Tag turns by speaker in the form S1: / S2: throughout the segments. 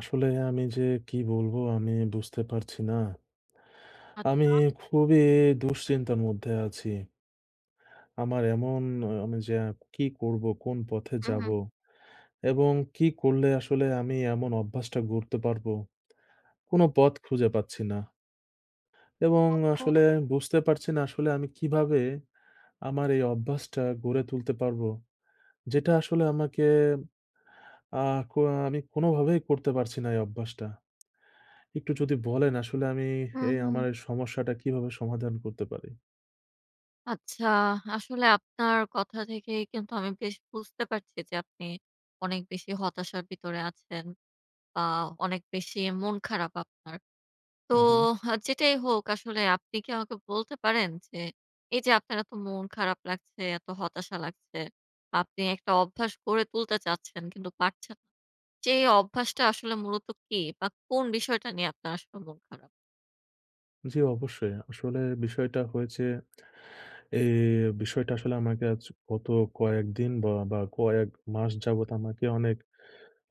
S1: আসলে আমি যে কী বলবো? আমি বুঝতে পারছি না। আমি
S2: আচ্ছা।
S1: খুবই দুশ্চিন্তার মধ্যে আছি। আমার এমন অ্যা আমি যে কী করব? কোন পথে
S2: হু,
S1: যাব?
S2: হু।
S1: এবং কী করলে আসলে আমি এমন অভ্যাসটা গড়তে পারবো? কোন পথ খুঁজে পাচ্ছি না। এবং
S2: ওহ হো!
S1: আসলে বুঝতে পারছি না আসলে আমি কীভাবে আমার এই অভ্যাসটা গড়ে তুলতে পারব? যেটা আসলে আমাকে আ কো মানে কোনো ভাবেই করতে পারছি না এই অভ্যাসটা। একটু যদি বলেন আসলে আমি
S2: হুম,
S1: এই
S2: হুম।
S1: আমার সমস্যাটা কীভাবে সমাধান করতে পারি?
S2: আচ্ছা আসলে আপনার কথা থেকে কিন্তু আমি বেশ বুঝতে পারছি যে আপনি অনেক বেশি হতাশার ভিতরে আছেন বা অনেক বেশি মন খারাপ আপনার। তো
S1: হু, হু।
S2: আ যেটাই হোক আসলে আপনি কী আমাকে বলতে পারেন? যে, এই যে আপনার এত মন খারাপ লাগছে, এত হতাশা লাগছে আপনি একটা অভ্যাস গড়ে তুলতে চাচ্ছেন কিন্তু পারছেন যেই অভ্যাসটা আসলে মূলত কী? বা কোন বিষয়টা নিয়ে আপনার আসলে মন খারাপ?
S1: জ্বি, অবশ্যই আসলে বিষয়টা হয়েছে। এই বিষয়টা আসলে আমাকে আজ গত কয়েকদিন বা আ কয়েক মাস যাবৎ আমাকে অনেক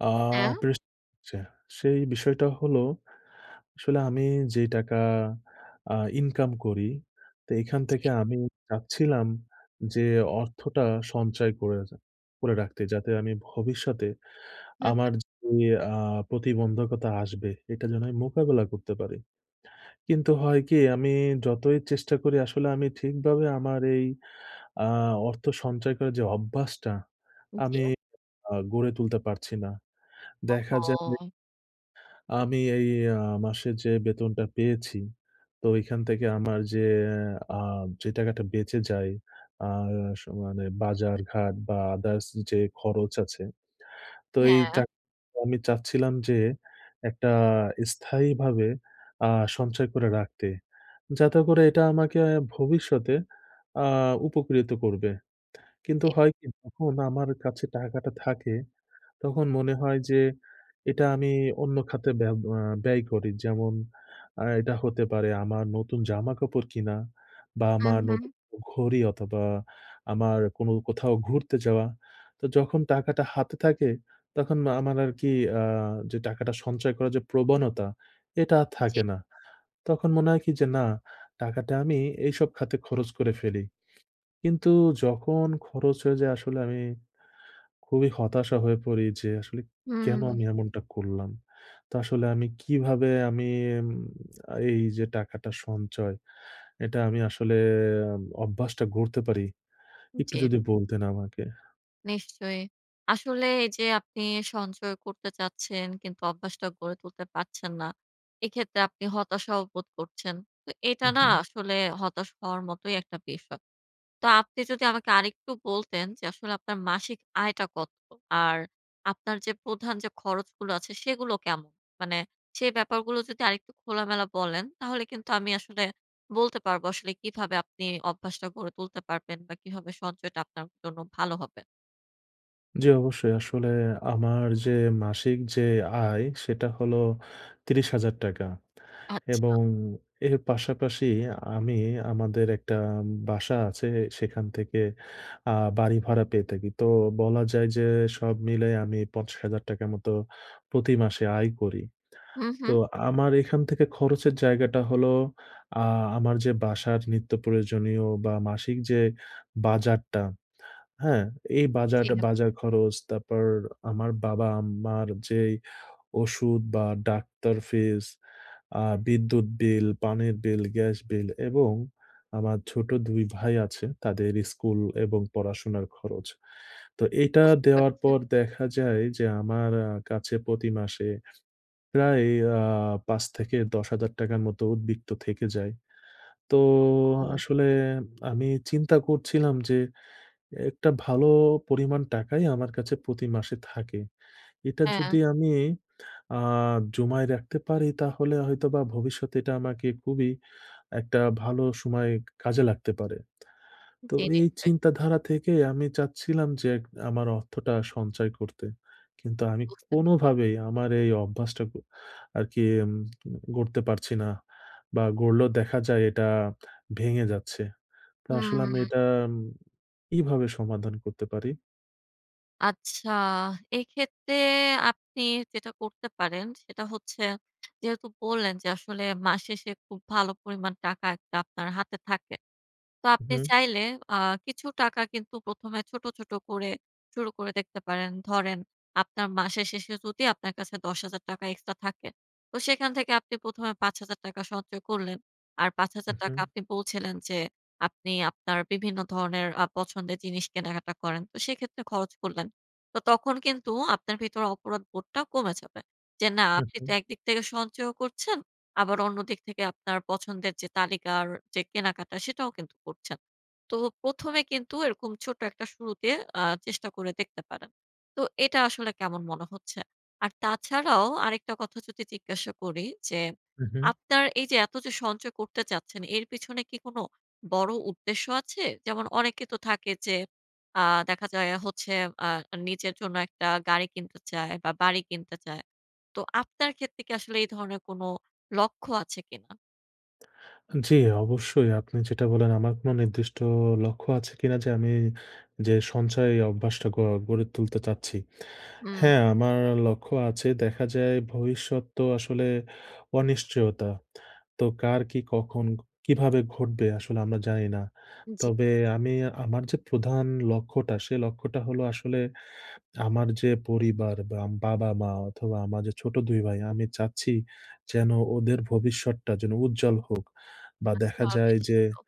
S1: আ
S2: হ্যাঁ।
S1: প্রেশ দিচ্ছে। সেই বিষয়টা হলো, আসলে আমি যে টাকা আ ইনকাম করি তে এখান
S2: জি।
S1: থেকে আমি চাচ্ছিলাম যে অর্থটা সঞ্চয় করে রা করে রাখতে। যাতে আমি ভবিষ্যতে
S2: হু,
S1: আমার
S2: হু।
S1: যে আ প্রতিবন্ধকতা আসবে এটা যেন আমি মোকাবেলা করতে পারি। কিন্তু হয় কি আমি যতই চেষ্টা করি আসলে আমি ঠিকভাবে আমার এই আ অর্থ সঞ্চয় করার যে অভ্যাসটা,
S2: জি।
S1: আমি আ গড়ে তুলতে পারছি না। দেখা যায়
S2: ওহো!
S1: আমি এই আ মাসে যে বেতনটা পেয়েছি তো এখান থেকে আমার যে আ যে টাকাটা বেঁচে যায় আর স মানে বাজারঘাট বা আদার্স যে খরচ আছে, তো এই
S2: হ্যাঁ।
S1: টাকা আমি চাচ্ছিলাম যে একটা স্থায়ীভাবে আ সঞ্চয় করে রাখতে। যাতে করে এটা আমাকে ভবিষ্যতে আ উপকৃত করবে। কিন্তু
S2: জি।
S1: হয় কি যখন আমার কাছে টাকাটা থাকে তখন মনে হয় যে এটা আমি অন্য খাতে ব্য আ ব্যয় করি। যেমন আ এটা হতে পারে আমার নতুন জামাকাপড় কিনা বা
S2: হুম,
S1: আমার
S2: হুম।
S1: নতুন ঘড়ি অথবা আমার কোন কোথাও ঘুরতে যাওয়া। তো যখন টাকাটা হাতে থাকে, তখন আমার আরকি আ যে টাকাটা সঞ্চয় করার যে প্রবণতা এটা আর
S2: জি।
S1: থাকে না। তখন মনে হয় কি যে না টাকাটা আমি এইসব খাতে খরচ করে ফেলি। কিন্তু যখন খরচ হয়ে যায় আসলে আমি খুবই হতাশা হয়ে পড়ি, যে আসলে কেন
S2: হুম।
S1: আমি এমনটা করলাম? তো আসলে আমি কিভাবে আমি উম আ এই যে টাকাটা সঞ্চয় এটা আমি আসলে অভ্যাসটা গড়তে পারি? একটু
S2: জি।
S1: যদি বলতেন আমাকে?
S2: নিশ্চয়ই। আসলে এইযে আপনি সঞ্চয় করতে চাচ্ছেন কিন্তু অভ্যাসটা গড়ে তুলতে পারছেন না। এক্ষেত্রে আপনি হতাশাও বোধ করছেন। তো এটা
S1: হুম,
S2: না
S1: হুম।
S2: আসলে হতাশ হওয়ার মতোই একটা বিষ তা আপনি যদি আমাকে আরেকটু বলতেন যে আসলে আপনার মাসিক আয়টা কত? আর আপনার যে প্রধান যে খরচগুলো আছে সেগুলো কেম মানে সে ব্যাপারগুলো যদি আরেকটু খোলামেলা বলেন তাহলে কিন্তু আমি আসলে বলতে পারবো আসলে কিভাবে আপনি অভ্যাসটা গড়ে তুলতে পারবেন বা কিভাবে সঞ্চয়টা আপনার জন্য ভালো হবে।
S1: জি অবশ্যই। আসলে আমার যে মাসিক যে আয় সেটা হলো ৳৩০,০০০
S2: আচ্ছা।
S1: এবং এর পাশাপাশি আমি আমাদের একটা ম বাসা আছে সেখান থেকে আ বাড়ি ভাড়া পেয়ে থাকি। তো বলা যায় যে সব মিলায় আমি ৳৫০,০০০ র মতো প্রতি মাসে আয় করি।
S2: হুম,
S1: তো
S2: হুম।
S1: আমার এখান থেকে খরচের জায়গাটা হলো আ আমার যে বাসার নিত্য প্রয়োজনীয় বা মাসিক যে বাজারটা, হ্যাঁ? এই
S2: জি।
S1: বাজাটা বাজার খরচ, তারপর আমার বাবা-মার যে ওষুধ বা ডাক্তার ফিস, আ বিদ্যুৎ বিল, পানির বিল, গ্যাস বিল এবং আমার ছোট ২ ভাই আছে। তাদের স্কুল এবং পড়াশোনার খরচ। তো এটা
S2: বুঝতে
S1: দেওয়ার
S2: পারছে।
S1: পর দেখা যায় যে আমার আ কাছে প্রতি মাসে প্রায় আ ৳৫-১০,০০০ র মতো উদ্বিক্ত থেকে যায়। তো
S2: ওহ! উম
S1: আসলে উম আমি চিন্তা করছিলাম যে একটা ভালো পরিমাণ টাকাই আমার কাছে প্রতি মাসে থাকে। এটা
S2: হ্যাঁ।
S1: যদি আমি আ জমায় রাখতে পারি তাহলে হয়তোবা ভবিষ্যতে এটা আমাকে খুবই একটা ভালো সময় কাজে লাগতে পারে। তো
S2: জি
S1: এই
S2: নিশ্চয়।
S1: চিন্তাধারা থেকে আমি চাচ্ছিলাম যে এক আমার অর্থটা সঞ্চয় করতে। কিন্তু আমি
S2: বুঝতেপে
S1: কোনোভাবেই আমার এই অভ্যাসটাক আরকি উম গড়তে পারছি না বা গড়লেও দেখা যায় এটা ভেঙে যাচ্ছে। তা আসলে আমি এটা
S2: হুম।
S1: উম কিভাবে সমাধান করতে পারি?
S2: আচ্ছা, এক্ষেত্রে আপনি যেটা করতে পারেন। সেটা হচ্ছে যেহেতু বললেন যে, আসলে মাস শেষে খুব ভালো পরিমাণ টাকা একটা আপনার হাতে থাকে। তো
S1: হু,
S2: আপনি
S1: হুম।
S2: চাইলে আ কিছু টাকা কিন্তু ১ম এ ছোট, ছোট করে শুরু করে দেখতে পারেন। ধরেন আপনার মাসের শেষে যদি আপনার কাছে ৳১০,০০০ এক্সট্রা থাকে, তো সেখান থেকে আপনি ১ম এ ৳৫,০০০ সঞ্চয় করলেন। আর পাঁচ
S1: হু,
S2: হাজার টাকা
S1: হুম।
S2: আপনি বলছিলেন যে আপনি আপনার বিভিন্ন ধরনের আ পছন্দের জিনিস কেনাকাটা করেন। তো সেক্ষেত্রে খরচ করলেন। তো তখন কিন্তু আপনার ভেতরে অপরাধবোধটা কমে যাবে। যে, না,
S1: হু,
S2: আপনি তো
S1: হু।
S2: একদিক থেকে সঞ্চয়ও করছেন, আবার অন্য দিক থেকে আপনার পছন্দের যে তালিকার যে কেনাকাটা, সেটাও কিন্তু করছেন। তো ১ম এ কিন্তু এরকম ছোট্ট একটা শুরুতে আ চেষ্টা করে দেখতে পারেন। তো এটা আসলে কেমন মনে হচ্ছে? আর তাছাড়াও আরেকটা কথা যদি জিজ্ঞাসা করি যে,
S1: হু, হু।
S2: আপনার এইযে এত যে সঞ্চয় করতে চাচ্ছেন, এর পিছনে কি কোন বড় উদ্দেশ্য আছে? যেমন অনেকে তো থাকে যে আ দেখা যায় হচ্ছে আ নিজের জন্য একটা গাড়ি কিনতে চায় বা, বাড়ি কিনতে চায়। তো আপনার ক্ষেত্রে কি আসলে এই ধরনের কোন লক্ষ্য আছে কিনা?
S1: জি, অবশ্যই। আপনি যেটা বললেন আমার কোন নির্দিষ্ট অ লক্ষ্য আছে কিনা যে, আমি যে সঞ্চয় অভ্যাসটা গড় গড়ে তুলতে চাচ্ছি?
S2: হুম।
S1: হ্যাঁ, আমার লক্ষ্য আছে। দেখা যায় ভবিষ্যৎ তো আসলে অনিশ্চয়তা। তো কার কি কখন ক কীভাবে ঘটবে? আসলে আমরা জানি না।
S2: জি।
S1: তবে আমি আমার যে প্রধান লক্ষ্যটা, সে লক্ষ্যটা হলো আসলে আমার যে পরিবার বা বাবা-মা অথবা, আমার যে ছোট ২ ভাই, আমি চাচ্ছি যেন ওদের ভবিষ্যতটা যেন উজ্জ্বল হোক। বা দেখা
S2: আচ্ছা।
S1: যায়
S2: বেশ
S1: যে,
S2: ভালো।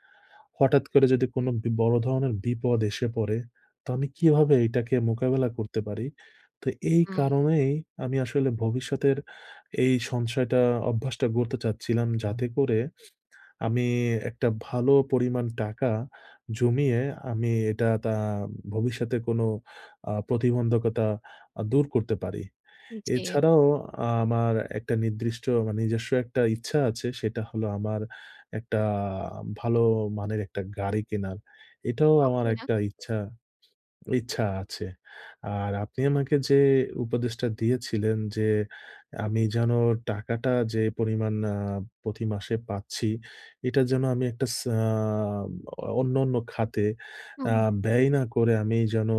S1: হঠাৎ করে যদি কোন বি বড় ধরনের বিপদ এসে পড়ে, তো আমি কিভাবে এইটাকে মোকাবেলা করতে পারি? তো এই
S2: হুম।
S1: কারণেই আমি আসলে ভবিষ্যতের এই সঞ্চয়টা অভ্যাসটা গড়তে চাচ্ছিলাম। যাতে করে আমি একটা ভালো পরিমাণ টাকা জমিয়ে আমি এ টা তা ভবিষ্যতে কোন আ প্রতিবন্ধকতা আ দূর করতে পারি।
S2: জি।
S1: এছাড়াও আ আমার একটা নির্দিষ্ট আমার নিজস্ব একটা ইচ্ছা আছে। সেটা হলো আমার একটা আ ভালো মানের একটা গাড়ি কেনার। এটাও আমার ১
S2: পাচ্ছিনা।
S1: টা ইচ্ছা ইচ্ছা আছে। আর আপনি আমাকে যে উপদেশটা দিয়েছিলেন যে, আ আমি যেন টাকাটা যে পরিমাণ আ প্রতিমাসে পাচ্ছি, এটা যেন আমি একটা স আ আব অ অন্যান্য খাতে
S2: হু,
S1: আ
S2: হুম।
S1: ব্যয় না করে, আমি যেন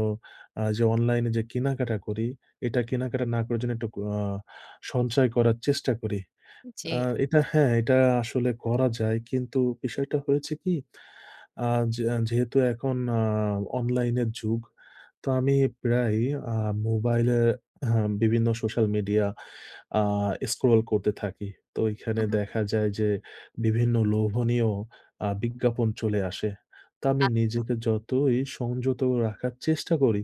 S1: আ যে অনলাইনে যে কেনাকাটা করি, এটা কেনাকাটা না করে যেন একটা অ আ সঞ্চয় করার চেষ্টা করি। আ
S2: জি।
S1: এটা হ্যাঁ, এটা আসলে করা যায়। কিন্তু বিষয়টা হয়েছে কি আ যে যেহেতু এখন আ অনলাইনের যুগ। তো আমি প্রায়ই আ মোবাইলে হা বিভিন্ন সোশ্যাল মিডিয়া আ স্ক্রল করতে থাকি। তো এইখানে
S2: হু, হু।
S1: দেখা যায় যে বিভিন্ন লোভনীয় আ বিজ্ঞাপন চলে আসে। তো আমি
S2: আচ্ছা।
S1: নিজেকে যতই সংযত রাখার চেষ্টা করি,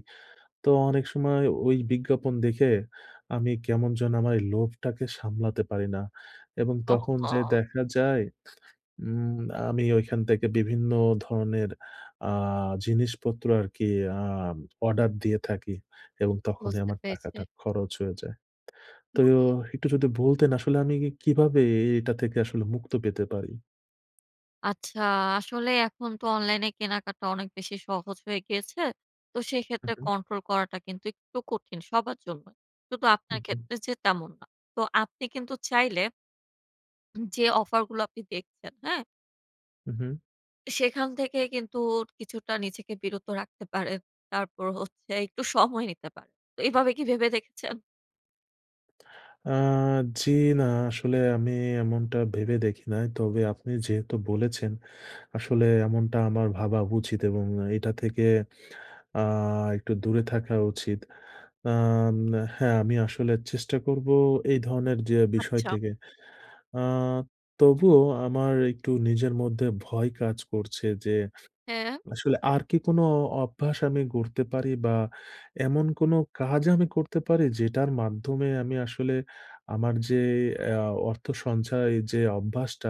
S1: তো অনেক সময় ওই বিজ্ঞাপন দেখে, আমি কেমন যেন আমার এই লোভটাকে সামলাতে পারি না। এবং তখন যেয়ে
S2: ওহহো!
S1: দেখা যায়, উম আমি ঐখান থেকে বিভিন্ন ধরনের আ জিনিসপত্র আরকি আম অর্ডার দিয়ে থাকি। এবং তখনই
S2: বুঝতে
S1: আমার
S2: পেরেছি।
S1: টাকাটা খরচ হয়ে যায়।
S2: হু,
S1: তোহ
S2: হু।
S1: একটু যদি বলতেন আসলে আমি ই এ কিভাবে এইটা থেকে আসলে মুক্ত পেতে পারি?
S2: আচ্ছা, আসলে এখন তো অনলাইনে কেনাকাটা অনেক বেশি সহজ হয়ে গিয়েছে। তো
S1: হু,
S2: সেক্ষেত্রে
S1: হু।
S2: কন্ট্রোল করাটা কিন্তু একটু কঠিন, সবার জন্যই। শুধু
S1: হু,
S2: আপনার
S1: হু।
S2: ক্ষেত্রে যে তেমন না। তো আপনি কিন্তু চাইলে উম যে অফার গুলো আপনি দেখছেন, হ্যাঁ?
S1: উ-হুম।
S2: সেখান থেকে কিন্তু কিছুটা নিজেকে বিরত রাখতে পারেন। তারপর হচ্ছে একটু সময় নিতে পারেন। তো এভাবে কি ভেবে দেখেছেন?
S1: আ জি না আসলে আমি এমনটা ভেবে দেখি নাই। তবে আপনি যেহেতু বলেছেন, আসলে এমনটা আমার ভাবা উচিত এবং এটা থেকে আ একটু দূরে থাকা উচিত। আম হ্যাঁ আমি আসলে চেষ্টা করবো এই ধরনের যে বিষয়
S2: আচ্ছা।
S1: থেকে। আ তবুও আমার একটু নিজের মধ্যে ভয় কাজ করছে যে,
S2: হ্যাঁ।
S1: আসলে আর কি কোনো অ অভ্যাস আমি গড়তে পারি? বা এমন কোন কাজ আমি করতে পারি? যেটার মাধ্যমে আমি আসলে আমার যে এ আ অর্থ সঞ্চয় যে অভ্যাসটা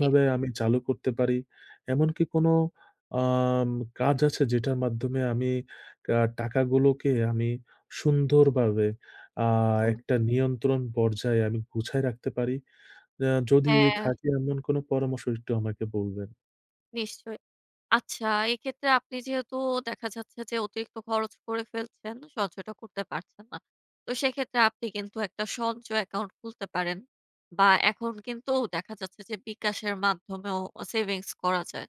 S2: কি।
S1: আমি চালু করতে পারি। এমনকি কোনো আম কাজ আছে যেটার মাধ্যমে আমি কা টাকাগুলোকে আমি সুন্দরভাবে আ
S2: হুম, হুম।
S1: একটা নিয়ন্ত্রণ পর্যায়ে আমি গুছায় রাখতে পারি? অ্যা যদি
S2: হ্যাঁ।
S1: থাকি এমন কোন পরামর্শ একটু আমাকে বলবেন।
S2: নিশ্চয়। আচ্ছা, এক্ষেত্রে আপনি যেহেতু দেখা যাচ্ছে, যে অতিরিক্ত খরচ করে ফেলছেন। সঞ্চয়টা করতে পারছেন না। তো সেক্ষেত্রে আপনি কিন্তু একটা সঞ্চয় অ্যাকাউন্ট খুলতে পারেন বা এখন কিন্তু দেখা যাচ্ছে, যে বিকাশের মাধ্যমেও অ সেভিংস করা যায়।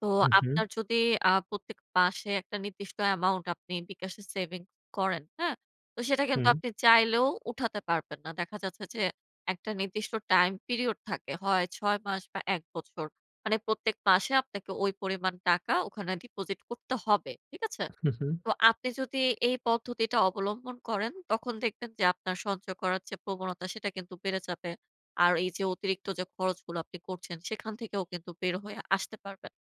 S2: তো
S1: হুম, হুম।
S2: আপনার যদি আ প্রত্যেক মাসে একটা নির্দিষ্ট অ্যামাউন্ট আপনি বিকাশে সেভিং করেন। হ্যাঁ? তো সেটা কিন্তু
S1: হুম।
S2: আপনি চাইলেও উঠাতে পারবেন না। দেখা যাচ্ছে যে, একটা নির্দিষ্ট টাইম পিরিয়ড থাকে, হয় ৬ মাস বা ১ বছর। মানে প্রত্যেক মাসে আপনাকে ওই পরিমাণ টাকা ওখানে deposit করতে হবে। ঠিক আছে?
S1: হুম, হুম।
S2: তো আপনি যদি এই পদ্ধতিটা অবলম্বন করেন। তখন দেখবেন, যে আপনার সঞ্চয় করার যে প্রবণতা, সেটা কিন্তু বেড়ে যাবে। আর এই যে অতিরিক্ত যে খরচগুলো, আপনি করছেন। সেখান থেকেও কিন্তু বের হয়ে আসতে পারবেন।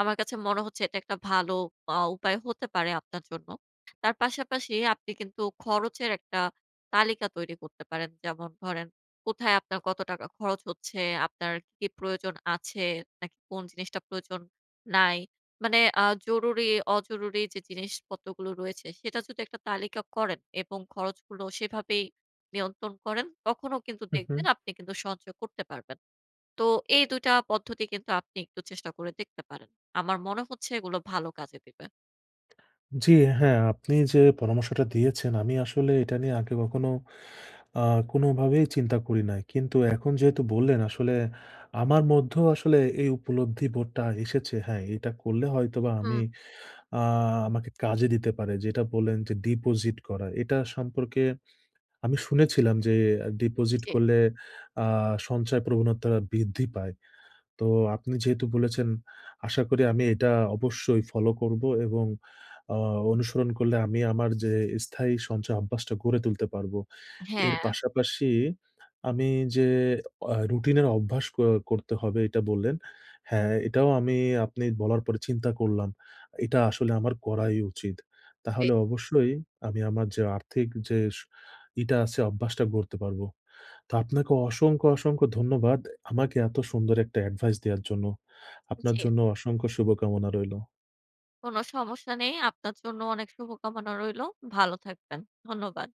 S2: আমার কাছে মনে হচ্ছে, এটা একটা ভালো পা উপায় হতে পারে আপনার জন্য। তার পাশাপাশি আপনি কিন্তু খরচের একটা তালিকা তৈরি করতে পারেন। যেমন ধরেন কোথায় আপনার কত টাকা খরচ হচ্ছে, আপনার কি প্রয়োজন আছে, নাকি কোন জিনিসটা প্রয়োজন নাই, মানে আ জরুরি-অজরুরি যে জিনিসপত্রগুলো রয়েছে। সেটা যদি একটা তালিকা করেন এবং খরচগুলো সেভাবেই নিয়ন্ত্রণ করেন। তখনও কিন্তু
S1: হুম,
S2: দেখবেন
S1: হুম।
S2: আপনি কিন্তু সঞ্চয় করতে পারবেন। তো এই ২ টা পদ্ধতি কিন্তু আপনি একটু চেষ্টা করে দেখতে পারেন। আমার মনে হচ্ছে এগুলো ভালো কাজে দিবে।
S1: জি, হ্যাঁ, আপনি যে পরামর্শটা দিয়েছেন, আমি আসলে এটা নিয়ে আগে কখনো আ কোনভাবেই চিন্তা করি নাই। কিন্তু এখন যেহেতু বললেন, আসলে আমার মধ্যেও আসলে এই উপলব্ধি বোধটা এসেছে। হ্যাঁ, এটা করলে হয়তোবা আমি
S2: হুম।
S1: আ আমাকে কাজে দিতে পারে। যেটা বললেন, যে deposit করার, এটা সম্পর্কে আমি শুনেছিলাম যে, deposit
S2: জি।
S1: করলে আ সঞ্চয় প্রবণতা বৃদ্ধি পায়। তো আপনি যেহেতু বলেছেন, আশা করি আমি এটা অবশ্যই ফলো করব এবং আ অনুসরণ করলে আমি আমার যে, স্থায়ী সঞ্চয় অভ্যাসটা গড়ে তুলতে পারব। এর
S2: হ্যাঁ।
S1: পাশাপাশি আমি যে, এহ রুটিনের অভ্যাস ক করতে হবে, এটা বললেন। হ্যাঁ, এটাও আমি আপনি বলার পরে চিন্তা করলাম, এটা আসলে আমার করাই উচিত।
S2: জি।
S1: তাহলে অবশ্যই আমি আমার যে আর্থিক যে স ইটা আছে, অভ্যাসটা গড়তে পারবো। তো আপনাকে অসংখ্য, অসংখ্য ধন্যবাদ। আমাকে এত সুন্দর একটা এডভাইস দেয়ার জন্য। আপনার
S2: জি।
S1: জন্য অসংখ্য শুভকামনা রইলো।
S2: কোন সমস্যা নেই। আপনার জন্য অনেক শুভকামনা রইলো। ভালো থাকবেন। ধন্যবাদ।